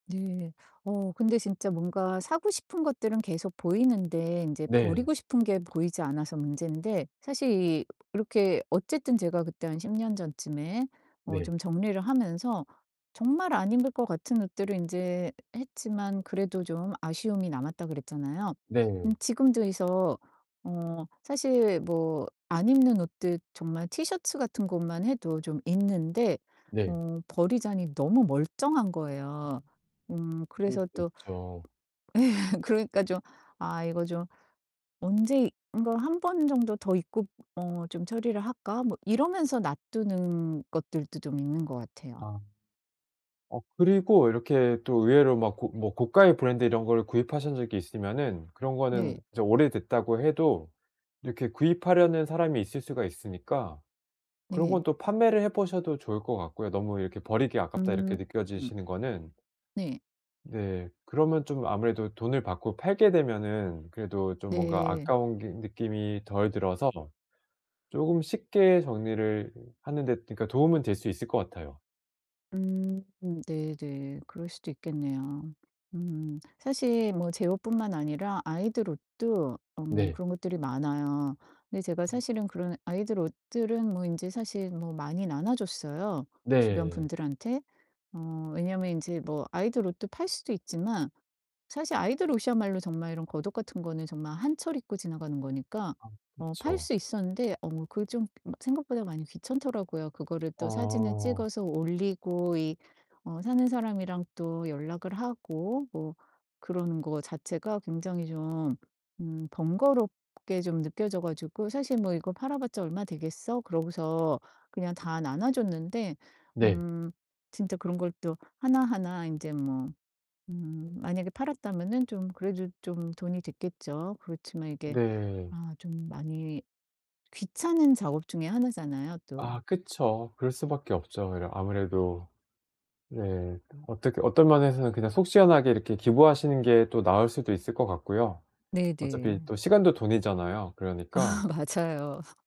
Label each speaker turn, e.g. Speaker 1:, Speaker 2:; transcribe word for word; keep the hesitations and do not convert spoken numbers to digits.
Speaker 1: 네. 어 근데 진짜 뭔가 사고 싶은 것들은 계속 보이는데 인제
Speaker 2: 네.
Speaker 1: 버리고 싶은 게 보이지 않아서 문제인데 사실 이 이렇게 어쨌든 제가 그때 한 십 년 전쯤에 어
Speaker 2: 네.
Speaker 1: 좀 정리를 하면서 정말 안 입을 것 같은 옷들은 인제 했지만 그래도 좀 아쉬움이 남았다 그랬잖아요? 음
Speaker 2: 네.
Speaker 1: 지금도 그래서 어 사실 뭐 안 입는 옷들 정말 티셔츠 같은 것만 해도 좀 있는데
Speaker 2: 네.
Speaker 1: 어 버리자니 너무 멀쩡한
Speaker 2: 음.
Speaker 1: 거예요. 음
Speaker 2: 그럴
Speaker 1: 그래서
Speaker 2: 수도
Speaker 1: 또
Speaker 2: 있죠.
Speaker 1: 예 그러니까 좀 '아 이거 좀 언제 이거 한 번 정도 더 입고 어 좀 처리를 할까?' 뭐 이러면서 놔두는 것들도 좀 있는 것 같아요.
Speaker 2: 아. 어 그리고 이렇게 또 의외로 막 고 뭐 고가의 브랜드 이런 거를 구입하신 적이 있으면은 그런 거는
Speaker 1: 네.
Speaker 2: 이제 오래됐다고 해도 이렇게 구입하려는 사람이 있을 수가 있으니까 그런
Speaker 1: 네.
Speaker 2: 건 또 판매를 해 보셔도 좋을 것 같고요, 너무 이렇게 '버리기 아깝다.' 이렇게
Speaker 1: 음 음.
Speaker 2: 느껴지시는 거는.
Speaker 1: 네.
Speaker 2: 네. 그러면 좀 아무래도 돈을 받고 팔게 되면은 그래도 좀 뭔가
Speaker 1: 네.
Speaker 2: 아까운 게 느낌이 덜 들어서 쪼금 쉽게 정리를 하는데 그러니까 도움은 될 수 있을 것 같아요.
Speaker 1: 음 네네. 그럴 수도 있겠네요. 음 사실 뭐 제 옷뿐만 아니라 아이들 옷도 음
Speaker 2: 네.
Speaker 1: 그런 것들이 많아요. 근데 제가
Speaker 2: 음.
Speaker 1: 사실은 그런 아이들 옷들은 뭐 인제 사실 뭐 많이 나눠 줬어요, 주변
Speaker 2: 네.
Speaker 1: 분들한테. 어 왜냐면 인제 뭐 아이돌 옷도 팔 수도 있지만 사실 아이들 옷이야말로 정말 이런 겉옷 같은 거는 정말 한 철 입고 지나가는 거니까
Speaker 2: 아
Speaker 1: 어 팔
Speaker 2: 그쵸.
Speaker 1: 수 있었는데 어 그게 좀 막 생각보다 많이 귀찮더라고요. 그거를 또 사진을
Speaker 2: 어.
Speaker 1: 찍어서 올리고 이 어 사는 사람이랑 또 연락을 하고 뭐 그러는 거 자체가 굉장히 좀 음 번거롭게 좀 느껴져 가지고 사실 '뭐 이거 팔아 봤자 얼마 되겠어?' 그러고서 그냥 다 나눠 줬는데
Speaker 2: 네.
Speaker 1: 음 진짜 그런 걸 또 하나하나 인제 뭐 음 만약에 팔았다면은 좀 그래도 좀 돈이 됐겠죠. 그렇지만 이게
Speaker 2: 네.
Speaker 1: 아 좀 많이 귀찮은 작업 중에 하나잖아요 또.
Speaker 2: 아 그쵸. 그럴 수 밖에 없죠. 이러 아무래도 네. 어떻 어떤 면에서는 그냥 속 시원하게 이렇게 기부하시는 게 또 나을 수도 있을 것 같고요.
Speaker 1: 네
Speaker 2: 어차피
Speaker 1: 네.
Speaker 2: 또 시간도 돈이잖아요.
Speaker 1: 아
Speaker 2: 그러니까
Speaker 1: 맞아요.